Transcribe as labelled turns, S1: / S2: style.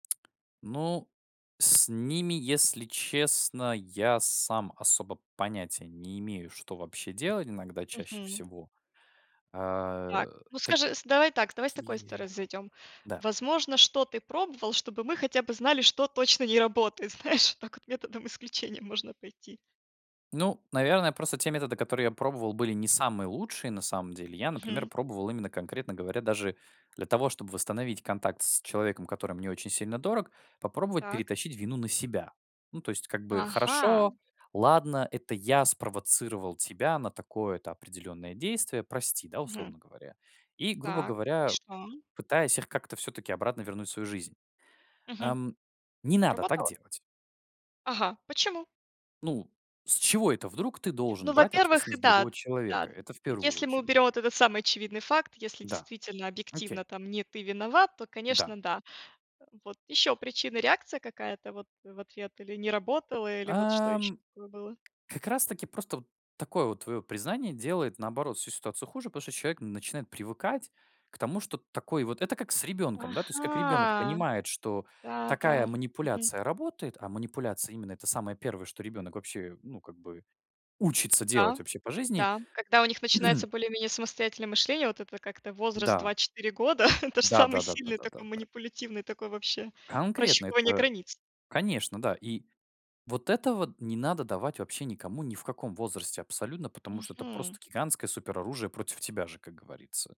S1: Ну, с ними, если честно, я сам особо понятия не имею, что вообще делать иногда чаще
S2: Мгм.
S1: всего. А
S2: Так, ну,
S1: та
S2: скажи с Давай так, давай с такой
S1: кие
S2: стороны зайдем.
S1: да.
S2: Возможно, что ты пробовал, чтобы мы хотя бы знали, что точно не работает, знаешь, вот так вот методом исключения можно пойти.
S1: Ну, наверное, просто те методы, которые я пробовал, были не самые лучшие на самом деле. Я, например,
S2: Мгм.
S1: пробовал именно конкретно говоря даже для того, чтобы восстановить контакт с человеком, который мне очень сильно дорог, попробовать
S2: Так.
S1: перетащить вину на себя. Ну, то есть, как бы,
S2: Ага.
S1: хорошо, ладно, это я спровоцировал тебя на такое-то определенное действие, прости, да,
S2: Мгм.
S1: условно говоря. И, грубо
S2: Так, и
S1: говоря,
S2: что?
S1: пытаясь их как-то всё-таки обратно вернуть в свою жизнь,
S2: Мгм.
S1: ам. Не надо так
S2: Сработало?
S1: делать.
S2: Ага, почему?
S1: Ну, с чего это вдруг ты должен
S2: Ну,
S1: брать
S2: во-первых,
S1: ответственность другого
S2: да да,
S1: человека? Это в 1
S2: если мы
S1: очередь.
S2: уберем вот этот самый очевидный факт, если
S1: Да,
S2: действительно
S1: окей.
S2: объективно там не ты виноват, то,
S1: Да.
S2: конечно, да. Эм, вот еще причина, реакция какая-то вот в ответ, или не работала, или вот что еще
S1: Ам.
S2: такое было?
S1: Как раз таки просто вот такое вот твое признание делает, наоборот, всю ситуацию хуже, потому что человек начинает привыкать к тому, что такой вот Это как с ребенком, да, то есть как ребенок
S2: Ага,
S1: понимает, что
S2: да да,
S1: такая
S2: мгм.
S1: манипуляция работает, а манипуляция именно- это самое первое, что ребенок вообще, ну, как бы учится делать
S2: М-да.
S1: вообще по жизни.
S2: Да. Когда у них начинается более-менее самостоятельное мышление, вот это как-то возраст
S1: Да.
S2: 2-4 года, это же
S1: Да,
S2: самый
S1: да, да, да,
S2: сильный
S1: да, да,
S2: такой,
S1: да.
S2: манипулятивный такой, вообще
S1: Конкретно
S2: прощупывание
S1: это,
S2: границ.
S1: конечно, да. И вот этого не надо давать вообще никому ни в каком возрасте абсолютно, потому что это
S2: Мгм.
S1: просто гигантское супероружие против тебя же, как говорится.